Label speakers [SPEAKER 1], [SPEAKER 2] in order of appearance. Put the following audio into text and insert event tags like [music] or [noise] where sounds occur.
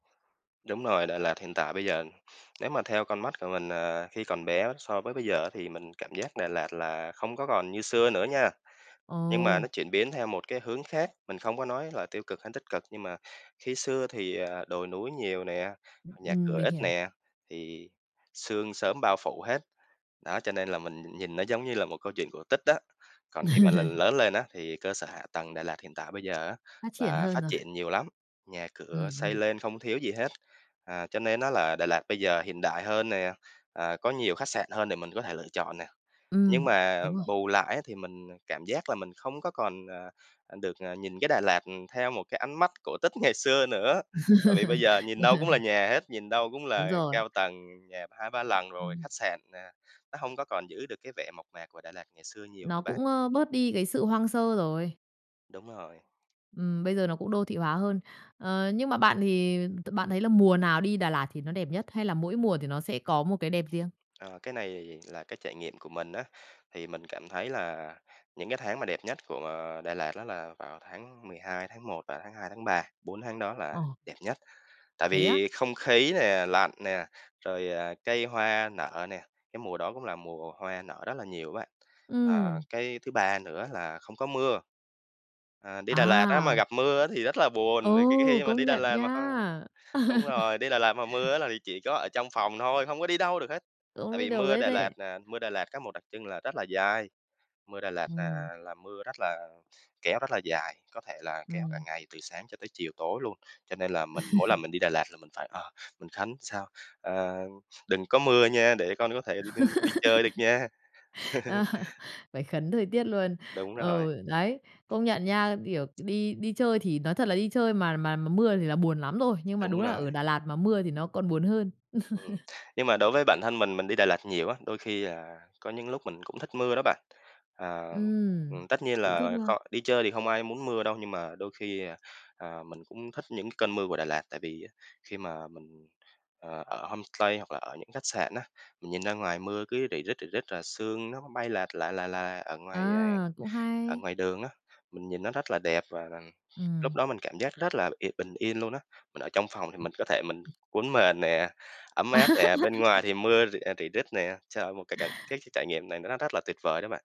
[SPEAKER 1] Đúng rồi, Đà Lạt hiện tại bây giờ nếu mà theo con mắt của mình, à, khi còn bé so với bây giờ á thì mình cảm giác Đà Lạt là không có còn như xưa nữa nha. Nhưng mà nó
[SPEAKER 2] Ồ!
[SPEAKER 1] chuyển biến theo một cái hướng khác, mình không có nói là tiêu cực hay tích cực, nhưng mà, khi xưa thì, à, đồi núi nhiều nè,
[SPEAKER 2] Ưm,
[SPEAKER 1] nhà
[SPEAKER 2] ừm,
[SPEAKER 1] cửa
[SPEAKER 2] mình
[SPEAKER 1] ít
[SPEAKER 2] hiểu.
[SPEAKER 1] nè, thì sương sớm bao phủ hết, đó cho nên là mình nhìn nó giống như là một câu chuyện cổ tích đó. Còn khi mà là
[SPEAKER 2] [laughs]
[SPEAKER 1] lớn lên á, thì cơ sở hạ tầng Đà Lạt hiện tại bây giờ á,
[SPEAKER 2] Phát triển
[SPEAKER 1] là
[SPEAKER 2] hơn
[SPEAKER 1] phát
[SPEAKER 2] rồi.
[SPEAKER 1] triển nhiều lắm, nhà cửa
[SPEAKER 2] Ừm,
[SPEAKER 1] xây
[SPEAKER 2] ừm.
[SPEAKER 1] lên không thiếu gì hết. Ờ, cho nên đó là Đà Lạt bây giờ hiện đại hơn nè, ờ, có nhiều khách sạn hơn để mình có thể lựa chọn nè, nhưng
[SPEAKER 2] Ừm.
[SPEAKER 1] mà
[SPEAKER 2] Đúng rồi.
[SPEAKER 1] bù lại á thì mình, à, cảm giác là mình không có còn, à, được, à, nhìn cái Đà Lạt, ừm, theo một cái ánh mắt cổ tích ngày xưa nữa. Tại vì bây giờ nhìn đâu cũng là
[SPEAKER 2] [laughs]
[SPEAKER 1] nhà hết, nhìn đâu cũng
[SPEAKER 2] Đúng
[SPEAKER 1] là
[SPEAKER 2] rồi.
[SPEAKER 1] cao tầng nhà 2-3 lần rồi,
[SPEAKER 2] Ừm.
[SPEAKER 1] khách sạn nè, nó hông có còn giữ được cái vẻ mộc mạc của Đà Lạt ngày xưa nhiều nữa
[SPEAKER 2] Nó
[SPEAKER 1] bạn.
[SPEAKER 2] cũng, ơ, bớt đi cái sự hoang sơ rồi.
[SPEAKER 1] Đúng rồi.
[SPEAKER 2] Ừm, bây giờ nó cũng đô thị hóa hơn. Ờ, nhưng mà bạn thì t bạn thấy là mùa nào đi Đà Lạt thì nó đẹp nhất, hay là mỗi mùa thì nó sẽ có một cái đẹp riêng?
[SPEAKER 1] Ờ, cái này là cái trải nghiệm của mình á, thì mình cảm thấy là những cái tháng mà đẹp nhất của, ờ, Đà Lạt đó là vào tháng 12, tháng 1 và tháng 2, tháng 3, 4 tháng đó là
[SPEAKER 2] Ờ.
[SPEAKER 1] đẹp nhất, tại
[SPEAKER 2] Thế á?
[SPEAKER 1] vì không khí nè, lạnh nè, rồi, ờ, cây hoa nở nè, cái mùa đó cũng là mùa hoa nở rất là nhiều á bạn. Ờ,
[SPEAKER 2] Ừm.
[SPEAKER 1] cái thứ ba nữa là không có mưa. Ờ, đi Đà Lạt á mà
[SPEAKER 2] À!
[SPEAKER 1] gặp mưa á thì rất là
[SPEAKER 2] Ừ,
[SPEAKER 1] buồn, vì khi khi mà
[SPEAKER 2] công
[SPEAKER 1] đi Đà
[SPEAKER 2] nhận
[SPEAKER 1] Lạt mà hông
[SPEAKER 2] nha!
[SPEAKER 1] đúng rồi, đi Đà Lạt mà
[SPEAKER 2] [laughs]
[SPEAKER 1] mưa á là chỉ có ở trong phòng thôi, không có đi đâu được hết,
[SPEAKER 2] Cũng
[SPEAKER 1] tại
[SPEAKER 2] đi
[SPEAKER 1] vì
[SPEAKER 2] đâu
[SPEAKER 1] mưa
[SPEAKER 2] hết
[SPEAKER 1] Đà Lạt
[SPEAKER 2] đấy.
[SPEAKER 1] nè, mưa Đà Lạt có một đặc trưng là rất là dai, mưa Đà Lạt
[SPEAKER 2] Ừm.
[SPEAKER 1] là là mưa rất là kéo rất là dài, có thể là kéo cả
[SPEAKER 2] Ừm.
[SPEAKER 1] ngày từ sáng cho tới chiều tối luôn, cho nên là mình mỗi lần
[SPEAKER 2] [chuckles]
[SPEAKER 1] mình đi Đà Lạt là mình phải, ờ, mình khấn sao, ờ, đừng có mưa nha, để con có thể đi đ đi chơi được
[SPEAKER 2] [laughs]
[SPEAKER 1] nha. [chuckles]
[SPEAKER 2] Ờ. Phải khấn thời tiết luôn.
[SPEAKER 1] Đúng rồi.
[SPEAKER 2] Ừ, đấy, công nhận nha, kiểu, đi đi chơi thì nói thật là đi chơi mà mà mà mưa thì là buồn lắm rồi, nhưng mà đúng
[SPEAKER 1] Đúng
[SPEAKER 2] là
[SPEAKER 1] rồi.
[SPEAKER 2] ở Đà Lạt mà mưa thì nó còn buồn hơn.
[SPEAKER 1] Ừm,
[SPEAKER 2] [chuckles]
[SPEAKER 1] nhưng mà đối với bản thân mình, mình đi Đà Lạt nhiều á, đôi khi là có những lúc mình cũng thích mưa đó bạn. Ờ,
[SPEAKER 2] Ừm.
[SPEAKER 1] ừm, tất nhiên
[SPEAKER 2] Cũng thích
[SPEAKER 1] là
[SPEAKER 2] luôn.
[SPEAKER 1] kh đi chơi thì không ai muốn mưa đâu, nhưng mà đôi khi, ờ, à, mình cũng thích những cơn mưa của Đà Lạt, tại vì khi mà mình, ờ, ở homestay hoặc là ở những khách sạn á, mình nhìn ra ngoài mưa cứ rỉ rít, rỉ rít là sương nó bay lạt là, là, là ở ngoài, à,
[SPEAKER 2] À, cũng
[SPEAKER 1] ở
[SPEAKER 2] hay!
[SPEAKER 1] ngoài đường á, mình nhìn nó rất là đẹp và rằng lúc
[SPEAKER 2] Ừm.
[SPEAKER 1] đó mình cảm giác rất là y bình yên luôn á. Mình ở trong phòng thì mình có thể mình
[SPEAKER 2] [unintelligible]
[SPEAKER 1] cuốn mền nè, ấm
[SPEAKER 2] À.
[SPEAKER 1] áp nè, bên ngoài
[SPEAKER 2] [laughs]
[SPEAKER 1] thì mưa rỉ, à, rỉ rít nè, trời, một cái cảnh cái cái trải nghiệm này nó rất là tuyệt vời đó bạn.